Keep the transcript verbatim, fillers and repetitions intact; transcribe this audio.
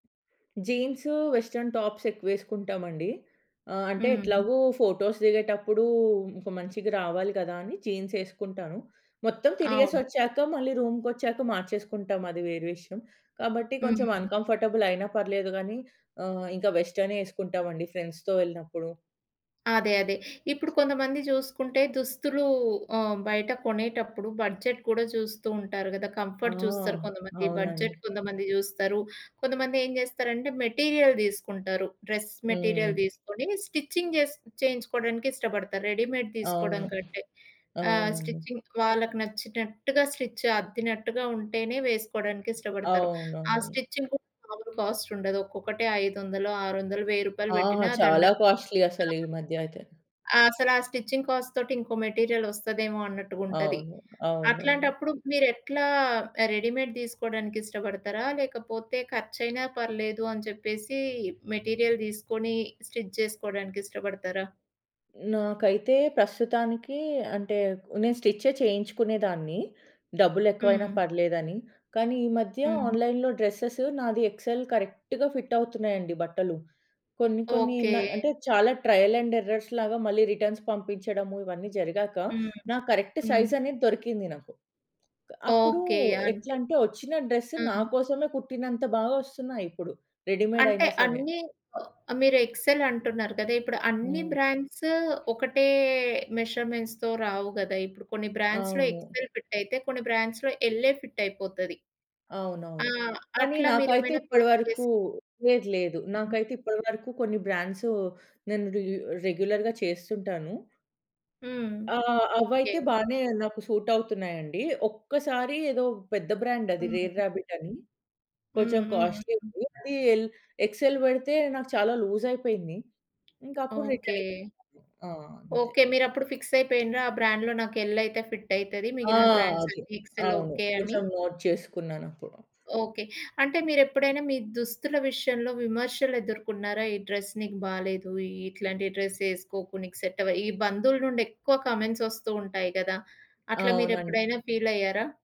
Jeans, western టాప్సేక్కువేసుకుంటామండి. ఆహ్, అంటే హ్మ్. ఎట్లాగో ఫోటోస్ దిగేటప్పుడు ఇంక మంచిగా రావాలి కదాని జీన్సేసుకుంటాను. మొత్తం తిరిగేసి అవును. ఒచ్చాక మళ్ళీ రూమ్‌కొచ్చాక మార్చేసుకుంటాం, అది వేరే విషయం. కాబట్టి కొంచెం హ్మ్. అన్‌కంఫర్టబులయినా పర్లేదు గానీ, ఆహ్, ఇంకా వెస్ట్రనే ఏసుకుంటామండి ఫ్రెండ్స్‌తో వెళ్ళినప్పుడు. అదే అదే. ఇప్పుడు కొంతమంది జుసుకుంటే, దుస్తులు ఆహ్, బయట కొనేటప్పుడు బడ్జెట్ కూడా చూస్తూ ఉంటారు గదా! ఆ! కంఫర్ట్ చూస్తారు కొంతమంది, బడ్జెట్ అవునండి. కొంతమంది జూస్తారు. కొంతమంది ఏం చేస్తారంటే మెటీరియల్ దిసుకుంటారు. డ్రెస్ మెటీరియల్ హ్మ్. దీసుకొని స్టిచ్చింగ్ చేసి చేయించుకోవడానికిష్టపడతారు. రెడీమేడ్ తీసుకోవడం అవును. కంటే. ఆహ్, అవునండి. స్టిచ్చింగ్ వాళ్ళకి నచ్చినట్టుగా స్టిచ్ అద్దినట్టుగా ఉంటేనే వేసుకోవడానికిష్టపడతారు. ఆ అవునవును. స్టిచ్చింగ్ కూడా మామూలు కాస్టుండదు, ఒక్కొక్కటే ఐదు వందలు, ఆరు వందలు, వెయ్యి రూపాయలు ఆ! పెట్టిన దండ చాలా కాస్ట్‌లి అసలీమధ్యయితే. ఆ! అసలా ఆ స్టిచింగ్ కాస్ట్ తోటి ఇంకో మెటీరియల్ ఒస్తదేమో అన్నట్టుగుంటది. అవును. అవునవును. అట్లాంటప్పుడు మీరేట్లా ఆహ్, రెడీమేడ్ దిసుకోడానికిష్టపడతారా? లేకపోతే ఖర్చయినా పర్లేదు అని చెప్పేసి మెటీరియల్ దిసుకొని స్టిచ్ చేసుకోడానికిష్టపడతారా? నాకైతే ప్రస్తుతానికి అంటే నేను స్టిచ్చె చేయించుకునేదాన్ని. డబ్బులేక్కువైనా హ్మ్. పర్లేదని, కానీ ఈ మధ్య హ్మ్. ఆన్‌లైన్‌లో డ్రెసెస్ నాది ఎక్సెల్ కరెక్ట్‌గా ఫిటవుతున్నాయండి బట్టలు. కొన్ని కొన్ని న ఓకే. అంటే చాలా ట్రయల్ అండ్ ఎర్రర్స్ లాగా మళ్ళీ రిటర్న్స్ పంపించడము ఇవన్నీ జరిగాక, హ్మ్. నా కరెక్ట్ హ్మ్. సైజ్‌ అనేది దొరికింది నాకు. అప్పుడు ఓకే. అంటే ఎట్లాంటే, వచ్చిన డ్రెస్సు హ్మ్. నాకోసమే కుట్టినంత బాగోస్తున్నాయిప్పుడు రెడీమేడ్ అంటే అయినా సరే. అన్నీ ఓ మీరు ఎక్సెల్ అంటున్నారు గదా! ఇప్పుడు అన్ని హ్మ్. బ్రాండ్స్ ఒకటే మెజర్‌మెంట్స్‌తో రావు గదా! ఇప్పుడు కొన్ని బ్రాండ్స్‌లో అవును. ఎక్సెల్ ఫిటయితే, కొన్ని బ్రాండ్స్‌లో ఎలే ఫిట్ అయిపోతది. ఆ! అవునవును. కానీ అట్లా నాకైతే మీరేమైనా ఫేస్ చేసి ఇప్పటివరకు, లేదు లేదు హుహు. నాకైతే ఇప్పటి వరకు కొన్ని బ్రాండ్సు నేను రె రెగ్యులర్‌గా చేస్తుంటాను. హ్మ్. ఆహ్, ఓకే. అవైతే బానే నాకు సూట్ అవుతున్నాయండి. ఒక్కసారి ఏదో పెద్ద బ్రాండది 'రేర్ హ్మ్. రాబిట్' అని. హ్మ్. కొంచెం హ్మ్. హ్మ్. కాస్ట్‌లిది అది ఎల్ ఎక్సెల్ పెడితే నాకు చాలా లూజయిపేంది. ఇంకప్పుడు రిటర్న్ ఓకే. ఇచ్చేశాను. ఆ! అంతే. ఓకే. మీరప్పుడు ఫిక్స్ అయిపోయిండ్రా ఆ బ్రాండ్‌లో నాకు ఎల్ అయితే ఫిట్ అయితది ఆ! మిగిలిన బ్రాండ్స్ అది అన్ని ఎక్సెల్ అవును ఓకే అని? కొంచెం నోట్ చేసుకున్నాను అప్పుడు. ఓకే. అంటే మీరు ఎప్పుడైనా మీ దుస్తుల విషయంలో విమర్శలేదుర్కొన్నార? "ఈ డ్రెస్ నీకు బాలేదు ఈ ఇట్లాంటి డ్రెస్ ఏసుకోకు నీకు సెట్ అవ" ఈ బంధువులునుండి ఎక్కువ కామెంట్స్ ఒస్తూ ఉంటాయి కదా! అట్లా అవునండి. మీరేప్పుడైనా ఫీలయ్యారా?